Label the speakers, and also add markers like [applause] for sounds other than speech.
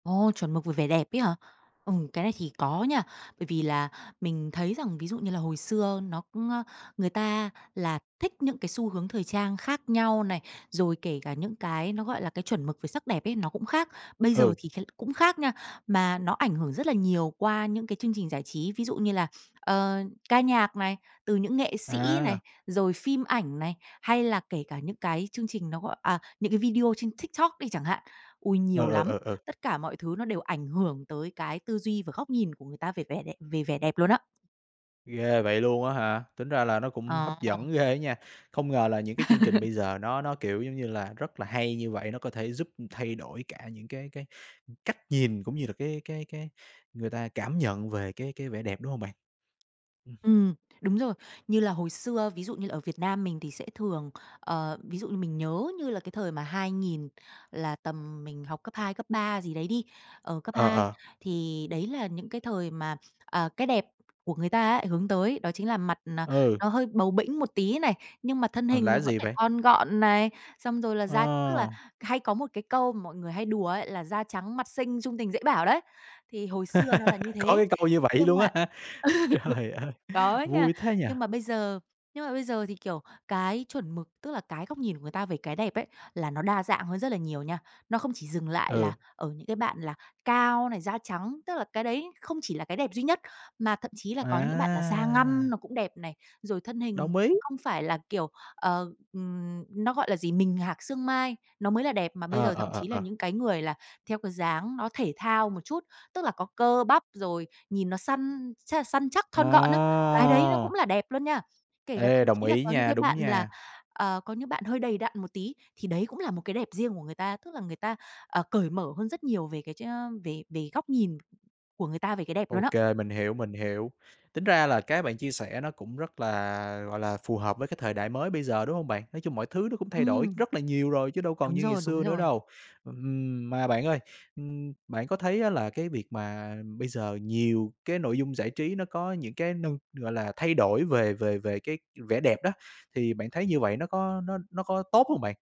Speaker 1: Ồ, chuẩn mực về vẻ đẹp ấy hả? Ừ, cái này thì có nha. Bởi vì là mình thấy rằng ví dụ như là hồi xưa nó cũng, ơ, người ta là thích những cái xu hướng thời trang khác nhau này, rồi kể cả những cái nó, gọi là, cái chuẩn mực về sắc đẹp ấy, nó cũng khác. Bây giờ
Speaker 2: Ừ.
Speaker 1: thì thấy cũng khác nha, mà nó ảnh hưởng rất là nhiều qua những cái chương trình giải trí, ví dụ như là, ờ, ca nhạc này, từ những nghệ sĩ này,
Speaker 2: À.
Speaker 1: rồi phim ảnh này, hay là kể cả những cái chương trình nó, gọi à, những cái video trên TikTok đi chẳng hạn. Ôi,
Speaker 2: Ừ,
Speaker 1: nhiều
Speaker 2: ừ,
Speaker 1: lắm.
Speaker 2: ừ, ừ.
Speaker 1: Tất cả mọi thứ nó đều ảnh hưởng tới cái tư duy và góc nhìn của người ta về vẻ đẹ về vẻ đẹp luôn á.
Speaker 2: Ghê vậy luôn á hả, tính ra là nó cũng hấp
Speaker 1: Ờ.
Speaker 2: dẫn ghê á nha. Không ngờ là những cái chương trình bây giờ nó nó, kiểu, giống như là, rất là hay như vậy, nó có thể giúp thay đổi cả những cái cái cách nhìn, cũng như là cái cái cái người ta cảm nhận về cái cái vẻ đẹp, đúng hông bạn? Ừm.
Speaker 1: Ừm, đúng rồi. Như là hồi xưa ví dụ như là ở Việt Nam mình thì sẽ thường, ờ, ví dụ như mình nhớ như là cái thời mà 2000 là tầm mình học cấp 2, cấp 3 gì đấy đi, ờ, cấp
Speaker 2: Ờ,
Speaker 1: 2.
Speaker 2: ờ.
Speaker 1: Thì đấy là những cái thời mà, à, cái đẹp của người ta á hướng tới ấy, đó chính là mặt, à,
Speaker 2: Ừ.
Speaker 1: nó hơi bầu bĩnh một tí này, nhưng mà thân
Speaker 2: Còn
Speaker 1: hình
Speaker 2: là
Speaker 1: thì
Speaker 2: cái
Speaker 1: vẫn
Speaker 2: gì
Speaker 1: phải
Speaker 2: vậy?
Speaker 1: thon gọn này, xong rồi là da tức là
Speaker 2: Ờ.
Speaker 1: hay có một cái câu mọi người hay đùa ấy là "Da trắng, mặt xinh, chung tình, dễ bảo" đấy. Thì hồi xưa nó là như
Speaker 2: [laughs] Có
Speaker 1: thế.
Speaker 2: cái câu như vậy
Speaker 1: Nhưng
Speaker 2: luôn
Speaker 1: mà
Speaker 2: á hả,
Speaker 1: [laughs]
Speaker 2: trời ơi,
Speaker 1: có nha.
Speaker 2: vui thế nhỉ.
Speaker 1: Nhưng mà bây giờ nhưng mà bây giờ thì, kiểu, cái chuẩn mực tức là cái góc nhìn của người ta về cái đẹp ấy, là nó đa dạng hơn rất là nhiều nha. Nó không chỉ dừng lại
Speaker 2: Ừ.
Speaker 1: là ở những cái bạn là cao này, da trắng, tức là cái đấy không chỉ là cái đẹp duy nhất, mà thậm chí là có những bạn là da ngăm
Speaker 2: À.
Speaker 1: nó cũng đẹp này. Rồi thân hình
Speaker 2: Đồng ý.
Speaker 1: không phải là, kiểu, ờ, ừm, nó gọi là gì, mình hạc xương mai, nó mới là đẹp, mà bây
Speaker 2: À,
Speaker 1: giờ thậm
Speaker 2: à,
Speaker 1: chí là
Speaker 2: à, à.
Speaker 1: những cái người là theo cái dáng nó thể thao một chút, tức là có cơ bắp, rồi nhìn nó săn ch săn chắc, thon gọn á, cái đấy nó cũng
Speaker 2: À.
Speaker 1: là đẹp luôn nha. Kể cả thậm
Speaker 2: Ê, đồng
Speaker 1: chí là
Speaker 2: ý
Speaker 1: có những
Speaker 2: nha,
Speaker 1: cái
Speaker 2: đúng
Speaker 1: bạn là,
Speaker 2: nha.
Speaker 1: ờ, có những bạn hơi đầy đặn một tí, thì đấy cũng là một cái đẹp riêng của người ta. Tức là người ta, ờ, cởi mở hơn rất nhiều về cái ch ơ, về về góc nhìn của người ta về cái đẹp
Speaker 2: Ô
Speaker 1: luôn á.
Speaker 2: kê, mình hiểu, mình hiểu. Tính ra là cái bạn chia sẻ nó cũng rất là, gọi là, phù hợp với cái thời đại mới bây giờ, đúng hông bạn? Nói chung mọi thứ nó cũng thay đổi
Speaker 1: Ừm.
Speaker 2: rất là nhiều rồi, chứ đâu còn
Speaker 1: Đúng
Speaker 2: như ngày
Speaker 1: rồi, đúng
Speaker 2: xưa nữa
Speaker 1: rồi.
Speaker 2: đâu. Ừm, mà bạn ơi, ưm, bạn có thấy á là cái việc mà bây giờ nhiều cái nội dung giải trí nó có những cái nư gọi là, thay đổi về về về cái vẻ đẹp đó, thì bạn thấy như vậy nó có nó nó có tốt hông bạn?